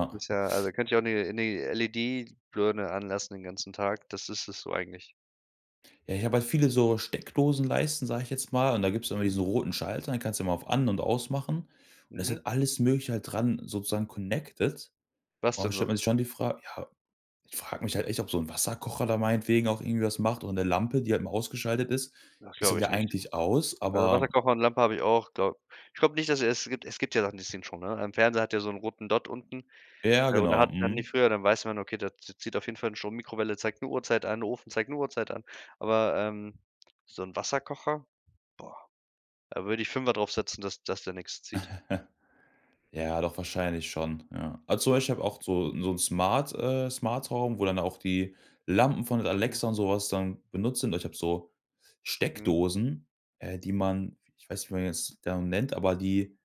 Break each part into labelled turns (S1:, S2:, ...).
S1: Das ist ja also da könnte ich auch 'ne 'ne LED-Birne anlassen den ganzen Tag, das ist das so eigentlich.
S2: Ja, ich habe halt viele so Steckdosenleisten, sage ich jetzt mal. Und da gibt's immer
S1: Hm.
S2: diese roten Schalter, die kannst du immer auf an und aus machen. Und da ist
S1: Mhm.
S2: halt alles Mögliche halt dran sozusagen connected.
S1: Was
S2: Und da
S1: denn so?
S2: stellt man sich schon die Fra ja, ich frage mich halt echt, ob so 'n Wasserkocher da meinetwegen auch irgendwie was macht oder 'ne Lampe, die halt mal ausgeschaltet ist.
S1: Das
S2: Ist dann
S1: glaube ich
S2: ja
S1: nicht.
S2: eigentlich aus,
S1: Also,
S2: aber
S1: Wasserkocher und Lampe habe ich auch, glaube ich glaube nicht, also, es gibt es gibt ja Sachen, die ziehen Strom, ne? Ein Fernseher hat ja so 'n roten Dott unten,
S2: Ja,
S1: äh, oder
S2: genau.
S1: hatten die
S2: Mhm.
S1: früher. Dann weiß man: „Okay, da zi zieht auf jeden Fall Strom.“ Mikrowelle zeigt 'ne Uhrzeit an, Ofen zeigt 'ne Uhrzeit an. Aber, ähm, so 'n Wasserkocher? Boah, da würde ich 5er drauf setzen, dass dass der nix zieht.
S2: Ja, doch wahrscheinlich schon, ja. Also zum Beispiel ich habe auch so so 'n Smart, äh Smart-Home, wo dann auch die Lampen von
S1: Mhm.
S2: Alexa und so was dann benutzt sind. Also, ich habe so
S1: Mhm.
S2: Steckdosen, äh, die man ich weiß nicht, wie man die jetzt, äh, nennt, aber die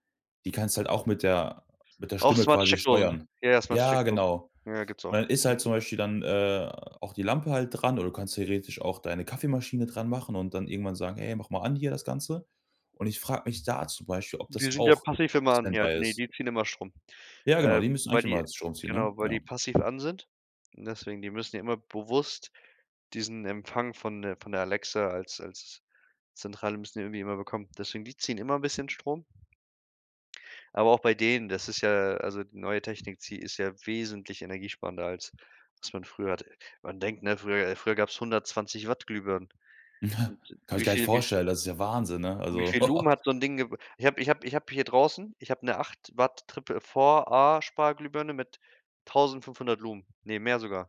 S2: die kannst du halt auch mit der mit der
S1: Auch
S2: Stimme
S1: smarte
S2: quasi
S1: Steckdosen.
S2: steuern.
S1: Ja, smarte
S2: Ja,
S1: Steckdosen.
S2: genau.
S1: Ja, gibt's
S2: Und
S1: auch.
S2: dann ist halt
S1: Mhm.
S2: zum Beispiel dann, äh, auch die Lampe halt dran oder du kannst theoretisch auch deine Kaffeemaschine dran machen und dann irgendwann sagen: „Hey, mach mal an hier das Ganze.“ Und ich frage mich da zum Beispiel, ob
S1: Die
S2: das
S1: sind ja
S2: auch
S1: passiv
S2: auf
S1: immer an. Ja,
S2: Stand-by
S1: ne,
S2: ist.
S1: die ziehen immer Strom,
S2: Ja, genau, die
S1: ähm,
S2: müssen
S1: weil
S2: eigentlich
S1: die
S2: immer Strom ziehen, ne?
S1: genau, weil
S2: Ja.
S1: die passiv an sind. Deswegen, die müssen ja immer bewusst diesen Empfang von der von der Alexa als als Zentrale müssen die ja irgendwie immer bekommen. Deswegen, die ziehen immer 'n bisschen Strom. Aber auch bei denen, das ist ja also die neue Technik zi ist ja wesentlich energiesparender als was man früher hatte. Man denkt, ne: „Früher früher gab's 120 Watt Glühbirnen.“ Und
S2: Kann ich
S1: wie
S2: gar nicht
S1: viel wie v
S2: vorstellen, das ist ja Wahnsinn, ne?
S1: wie
S2: Also
S1: viel Lumen hat so 'n Ding geb ich habe ich habe ich habe hier draußen ich habe 'ne 8 Watt Triple 4a Sparglühbirne mit 1.500 Lumen. Ne, mehr sogar.